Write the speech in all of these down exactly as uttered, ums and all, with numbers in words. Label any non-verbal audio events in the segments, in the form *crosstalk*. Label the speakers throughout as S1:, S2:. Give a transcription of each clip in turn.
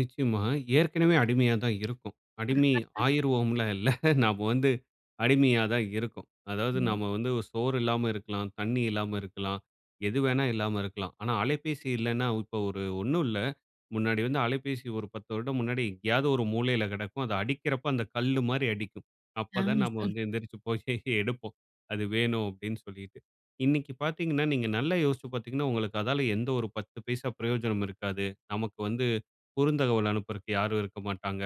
S1: நிச்சயமா. ஏற்கனவே அடிமையா தான் இருக்கோம். அடிமை
S2: *laughs*
S1: ஆயிருவோம்லாம் இல்ல. *chuckles* நம்ம வந்து அடிமையா தான் இருக்கோம். அதாவது
S2: ம்.
S1: நம்ம வந்து சோறு இல்லாம இருக்கலாம். தண்ணி இல்லாம இருக்கலாம். எது வேணா இல்லாம இருக்கலாம். ஆனா, அலைபேசி இல்லன்னா, இப்ப ஒரு ஒன்னும் இல்ல, முன்னாடி வந்து அலைபேசி ஒரு பத்து வருடம் முன்னாடி எங்கேயாவது ஒரு மூலையில கெடக்கும். அது அடிக்கிறப்போ அந்த கல்லு மாரி அடிக்கும்.
S2: ஆ,
S1: அப்ப தான் நம்ம
S2: சொல்.
S1: வந்து எந்தரிச்சு போய் எடுப்போம். அது வேணும் அப்டின்னு சொல்லிட்டு. இன்னிக்கு பார்த்தீங்கன்னா, நீங்க நல்லா யோசிச்சு பார்த்தீங்கன்னா, உங்களுக்கு அதனால எந்த ஒரு பத்து பைசா பிரயோஜனமும் இருக்காது. நமக்கு வந்து குறுந்தகவல் அனுப்புறக்கு யாரும் இருக்க மாட்டாங்க.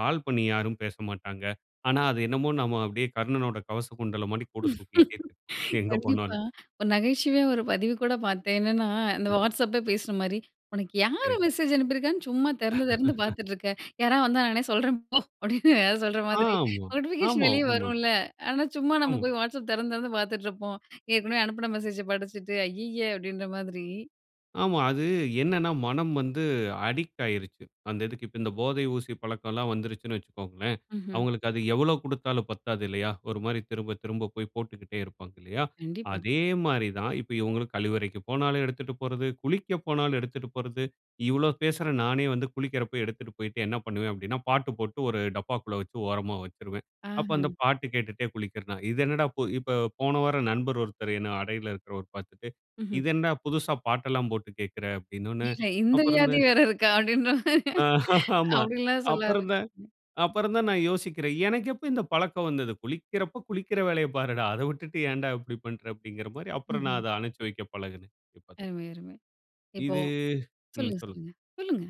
S1: கால் பண்ணி யாரும் பேசமாட்டாங்க. ஆனா, அது என்னமோ நாம அப்டியே கர்ணனுடைய கவச குண்டல மாடி கூட தூக்கிக்கிட்டே
S2: *laughs*
S1: இருப்போம். எங்க
S2: கண்டிப்பா.
S1: போனாலும்.
S2: ஒரு நகைச்சுவையா ஒரு பதிவு கூட பார்த்தேன். என்னன்னா? இந்த
S1: ம்.
S2: வாட்ஸ்அப்பே பேசுற மாரி "உனக்கு
S1: சரி.
S2: யார் மெசேஜ் அனுப்பியிருக்கான்னு சும்மா திறந்து திறந்து
S1: *laughs*
S2: பார்த்துட்டு இருக்க. யாராவது வந்தா நானே சொல்றேன் போ," *laughs* அப்படின்னு ஏதாது சொல்ற மாரி.
S1: ஆமா.
S2: நோட்டிஃபிகேஷன்
S1: ஆமா.
S2: வெளியே
S1: உண்மதான்.
S2: வரும்ல. ஆனா, சும்மா நம்ம
S1: ஆமா.
S2: போய் வாட்ஸ்அப் திறந்து திறந்து பார்த்துட்ருப்போம். ஏற்கனவே அனுப்புன மெசேஜ படிச்சிட்டு. ஐயய்ய அப்படின்ற மாதிரி.
S1: ஆமா. அது என்னனா? மனம் வந்து அடிக்ட் ஆயிடுச்சு, அந்த இதுக்கு. இப்போ இந்த போதை ஊசி பழக்கம் எல்லாம் வந்துருச்சுன்னு வச்சுக்கோங்களேன்,
S2: ம்ஹ்ம்.
S1: அவங்களுக்கு அது எவ்ளோ கொடுத்தாலும் பத்தாது இல்லையா? ஒரு மாரி திரும்ப திரும்ப போய் போட்டுக்கிட்டே இருப்பாங்க இல்லையா?
S2: கண்டிப்பா.
S1: அதே மாரி தான். இப்ப இவங்களும் கழிவறைக்கு போனாலும் எடுத்துட்டு போறது, குளிக்க போனாலும் எடுத்துட்டு போறது. இவ்ளோ பேசுறேன் நானே வந்து குளிக்கிறப்ப எடுத்துட்டு போய்ட்டு என்ன பண்ணுவேன் அப்படின்னா, பாட்டு போட்டு ஒரு டப்பாக்குள்ள வச்சு ஓரமா வச்சிருவேன். அப்போ அந்த
S2: ஆஹ.
S1: பாட்டு கேட்டுட்டே குளிக்கிறேன். இது என்னடா இப்போ போன வாரம் நண்பர் ஒருத்தர் என்ன அடையில இருக்கிறவர் பார்த்துட்டு,
S2: ம்ஹ்ம்.
S1: "இது என்னடா புதுசா பாட்டெல்லாம் போட்டு கேட்கிற" அப்படின்னோன்ன
S2: இல்ல. இந்த
S1: அப்புறம் இந்த
S2: வியாதி வேற இருக்கா அப்படின்ற மாரி.
S1: ஆ. *laughs* ஆமா.
S2: அப்டி எல்லாம் சொல்ல
S1: அப்புறம் தான்
S2: ஆரம்பிச்சேன்.
S1: அப்புறம் தான் நான் யோசிக்கிறேன். எனக்கு எப்போ இந்த பழக்கம் வந்தது. "குளிக்கிறப்போ குளிக்கிற வேலையைப் பாருடா. அத விட்டுட்டு ஏன்டா இப்டி பண்ற?" அப்படின்கிற மாரி. அப்புறம் நான்
S2: ம்ஹ்ம்.
S1: அத அனச்சு வைக்க பழகுனேன். இப்ப
S2: அருமை அருமை. இப்போ
S1: இது ம்.
S2: சொல்லுங்க
S1: சொல்லு.
S2: சொல்லுங்க. சொல்லுங்க.